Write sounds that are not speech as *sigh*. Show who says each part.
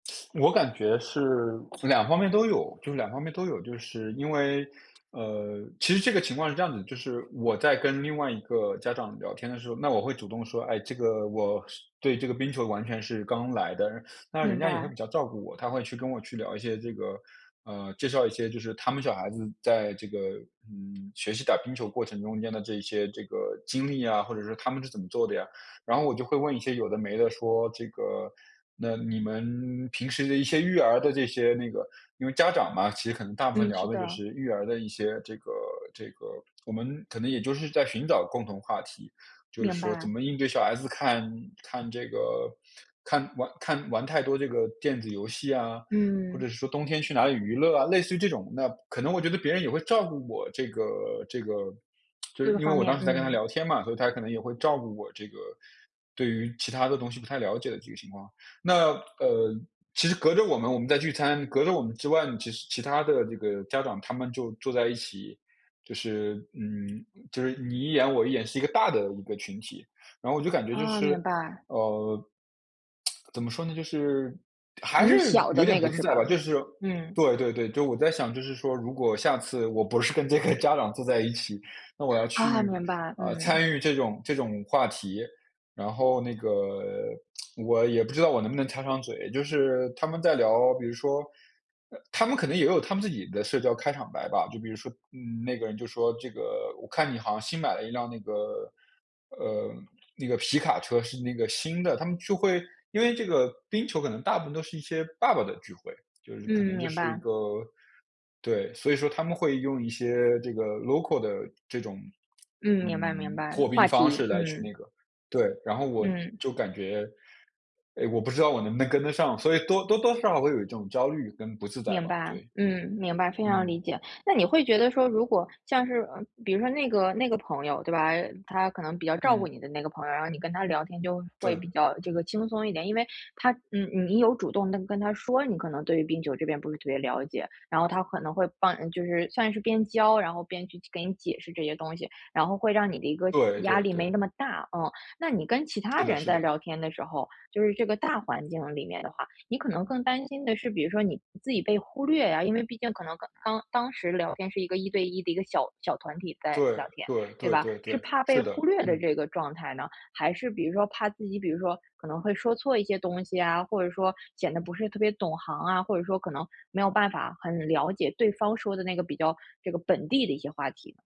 Speaker 1: *sucks teeth* 我感觉是两方面都有，就是两方面都有。就是因为呃，其实这个情况是这样子的，就是我在跟另外一个家长聊天的时候，那我会主动说：“哎，这个我是对这个冰球完全是刚来的。” *sucks teeth* 那人
Speaker 2: 明
Speaker 1: 家也会
Speaker 2: 白。
Speaker 1: 比较照顾我，他会去跟我去聊一些这个呃，介绍一些就是他们小孩子在这个，嗯，学习打冰球过程中间的这一些这个经历啊，或者说他们是怎么做的呀。然后我就会问一些有的没的，说，这个，“那你们平时的一些育儿的这些那个”因为家长嘛，其实很大部分
Speaker 2: 嗯，
Speaker 1: 聊
Speaker 2: 是
Speaker 1: 的就
Speaker 2: 的。
Speaker 1: 是育儿的一些这个这个我们可能也就是在寻找共同话题，就是
Speaker 2: 明
Speaker 1: 说怎
Speaker 2: 白。
Speaker 1: 么应对小孩子看看这个看玩看玩太多这个电子游戏啊，或
Speaker 2: 嗯。
Speaker 1: 者是说冬天去哪里娱乐啊，类似于这种。那可能我觉得别人也会照顾我这个这个 *smacks lips* 就
Speaker 2: 这
Speaker 1: 是
Speaker 2: 个
Speaker 1: 因为
Speaker 2: 方
Speaker 1: 我当
Speaker 2: 面，
Speaker 1: 时在跟他
Speaker 2: 嗯。
Speaker 1: 聊天嘛，所以他可能也会照顾我这个对于其它的东西不太了解的这个情况。那呃，其实隔着我们我们在聚餐，隔着我们之外呢，其实其他的这个家长他们就坐在一起，就是嗯，就是你一言我一言，是一个大的一个群体。然后我就感觉就
Speaker 2: 哦，
Speaker 1: 是
Speaker 2: 明白。
Speaker 1: 呃，*tsk* 怎么说呢，就是还
Speaker 2: 你是
Speaker 1: 是
Speaker 2: 小的
Speaker 1: 有点
Speaker 2: 那
Speaker 1: 不
Speaker 2: 个
Speaker 1: 自
Speaker 2: 是
Speaker 1: 在吧，
Speaker 2: 吧？
Speaker 1: 就是
Speaker 2: 嗯。
Speaker 1: 对对对。就我在想就是说如果下次我不是跟这个家长坐在一起，那我要
Speaker 2: 啊，
Speaker 1: 去，
Speaker 2: 明白，
Speaker 1: 呃，
Speaker 2: 嗯。
Speaker 1: 参与这种这种话题，然后那个 *tsk* 我也不知道我能不能插上嘴。就是他们在聊比如说呃，他们可能也有他们自己的社交开场白吧。就比如说，嗯，那个人就说，这个“我看你好像新买了一辆那个呃，那个皮卡车，是那个新的。”他们就会因为这个冰球可能大部分都是一些爸爸的聚会，就是可
Speaker 2: 嗯，
Speaker 1: 能就
Speaker 2: 明
Speaker 1: 是一
Speaker 2: 白。
Speaker 1: 个对，所以说他们会用一些这个 local 的这种，
Speaker 2: 嗯，明白明
Speaker 1: 嗯，
Speaker 2: 白，
Speaker 1: 破冰
Speaker 2: 话
Speaker 1: 方
Speaker 2: 题，
Speaker 1: 式来那
Speaker 2: 嗯。
Speaker 1: 个，对。然后我
Speaker 2: 嗯。
Speaker 1: 就感觉，哎，我不知道我能不能跟得上。所以多多多少少会有一种焦虑跟不自在
Speaker 2: 明
Speaker 1: 吧。
Speaker 2: 白，
Speaker 1: 对。
Speaker 2: 嗯，明白，非常
Speaker 1: 嗯。
Speaker 2: 理解。那你会觉得说，如果像是嗯，比如说那个那个朋友，对吧，他可能比较照顾
Speaker 1: 嗯。
Speaker 2: 你的那个朋友，然后你跟他聊天就会比
Speaker 1: 对。
Speaker 2: 较这个轻松一点。因为他嗯，你你有主动地跟他说，你可能对于冰球这边不是特别了解，然后他可能会帮就是算是边教，然后边去给你解释这些东西，然后会让你的一个
Speaker 1: 对，
Speaker 2: 压
Speaker 1: 对，
Speaker 2: 力没那
Speaker 1: 对。
Speaker 2: 么大，嗯。那你跟其
Speaker 1: 是
Speaker 2: 他
Speaker 1: 的
Speaker 2: 人
Speaker 1: 是
Speaker 2: 在
Speaker 1: 的。
Speaker 2: 聊天的时候，就是这个大环境里面的话，你可能更担心的是，比如说你自己被忽略啊，因为毕竟可能刚当时聊天是一个1对1的一个小小团体在
Speaker 1: 对，
Speaker 2: 聊天，
Speaker 1: 对，
Speaker 2: 对
Speaker 1: 对，
Speaker 2: 吧。
Speaker 1: 对，
Speaker 2: 是
Speaker 1: 对，
Speaker 2: 怕
Speaker 1: 是
Speaker 2: 被
Speaker 1: 的，
Speaker 2: 忽略的
Speaker 1: 嗯。
Speaker 2: 这个状态呢？还是比如说怕自己比如说可能会说错一些东西啊，或者说显得不是特别懂行啊，或者说可能没有办法很了解对方说的那个比较这个本地的一些话题。